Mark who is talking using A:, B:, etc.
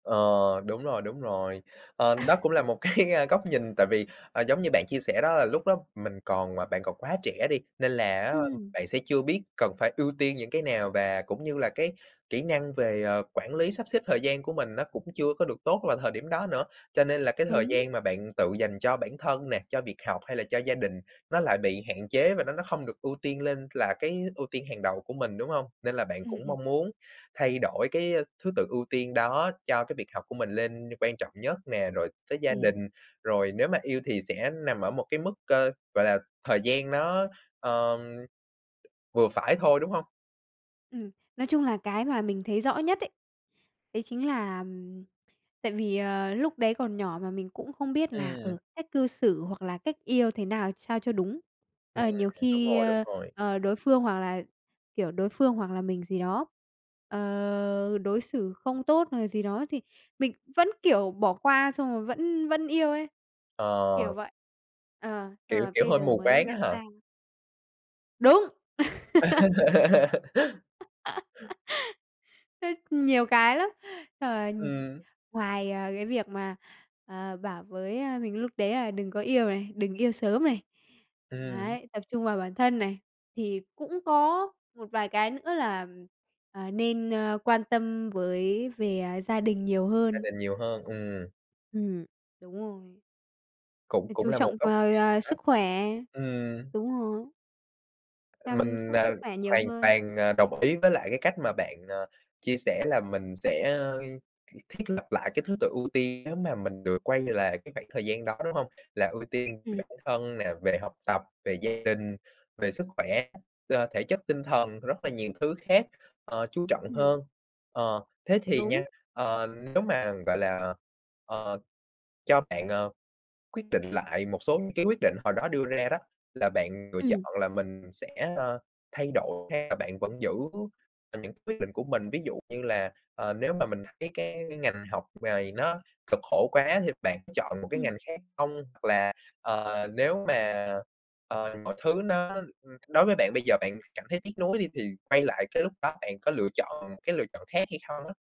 A: Ờ, đúng rồi, đúng rồi. Ờ, đó cũng là một cái góc nhìn, tại vì, ờ, giống như bạn chia sẻ đó, là lúc đó mình còn à, bạn còn quá trẻ đi, nên là á,
B: Ừm.
A: bạn sẽ chưa biết cần phải ưu tiên những cái nào, và cũng như là cái kỹ năng về, ờ, quản lý, sắp xếp thời gian của mình nó cũng chưa có được tốt vào thời điểm đó nữa. Cho nên là cái thời
B: Đúng.
A: gian mà bạn tự dành cho bạn thân nè, cho việc học hay là cho gia đình, nó lại bị hạn chế, và nó nó không được ưu tiên lên là cái ưu tiên hàng đầu của mình, đúng hông? Nên là bạn
B: Ừm,
A: cũng
B: ừm.
A: mong muốn thay đổi cái, ơ, thứ tự ưu tiên đó cho cái việc học của mình lên quan trọng nhất nè, rồi tới gia đình,
B: Ừm.
A: rồi nếu mà yêu thì sẽ nằm ở một cái mức, ờ, gọi là, thời gian nó, ờm, vừa phải thôi, đúng hông?
B: Ừm, nói chung là cái mà mình thấy rõ nhất ấy, đấy chính là tại vì, ờ, lúc đấy còn nhỏ mà mình cũng không biết là,
A: Ừm.
B: ờ, cách cư xử hoặc là cách yêu thế nào ch sao cho đúng.
A: Ừm,
B: Ờ, nhiều
A: đúng
B: khi,
A: rồi, đúng
B: a,
A: rồi.
B: à, đối phương hoặc là, kiểu, đối phương hoặc là mình gì đó, ờ, đối xử không tốt hoặc là gì đó thì mình vẫn, kiểu, bỏ qua, xong rồi vẫn vẫn yêu ấy,
A: Ờ.
B: kiểu vậy. Ờ, xong
A: Kiểu
B: rồi
A: kiểu,
B: bây
A: hơi
B: giờ
A: mù
B: mới
A: quáng á
B: nhận
A: hả?
B: ra. Đúng! Rất nhiều cái lắm. Xong là
A: Ừm.
B: ngoài, à, cái việc mà, ờ, bảo với, a, mình lúc đấy là đừng có yêu này, đừng yêu sớm này,
A: Ừm.
B: đấy, tập trung vào bản thân này, thì cũng có một vài cái nữa là, à, nên, a, quan tâm với về, à, gia đình nhiều
A: Gia
B: hơn.
A: đình nhiều hơn, ừm.
B: Ừm, đúng rồi.
A: Cũng
B: Phải
A: cũng
B: chú
A: là một
B: trọng
A: góc
B: vào,
A: nhìn
B: à,
A: đó.
B: sức khỏe.
A: Ừm.
B: Đúng rồi. Chăm
A: Mình,
B: sóc
A: à,
B: sức khỏe nhiều
A: hoàn
B: hơn.
A: toàn, à, đồng ý với lại cái cách mà bạn, ờ, chia sẻ là mình sẽ, ơ, th thiết lập lại cái thứ tự ưu tiên nếu mà mình được quay lại cái khoảng thời gian đó, đúng hông? Là ưu tiên về
B: Ừm.
A: bản thân nè, về học tập, về gia đình, về sức khỏe, ờ, thể chất, tinh thần, rất là nhiều thứ khác, ờ, chú trọng
B: Ừm.
A: hơn. Ờ, thế thì
B: Đúng.
A: nha, ờ, nếu mà, gọi là, ờ, cho bạn, ờ, quyết định lại một số những cái quyết định hồi đó đưa ra đó, là bạn lựa
B: Ừm.
A: chọn là mình sẽ, ờ, thay đổi, hay là bạn vẫn giữ những cái quyết định của mình? Ví dụ như là, ờ, nếu mà mình thấy cái cái ngành học này nó cực khổ quá thì bạn chọn một cái
B: Ừm.
A: ngành khác hông? Hoặc là, ờ, nếu mà, ờ, mọi thứ nó đ đối với bạn bây giờ bạn cảm thấy tiếc nuối đi, thì quay lại cái lúc đó bạn có lựa chọn một cái lựa chọn khác hay không á?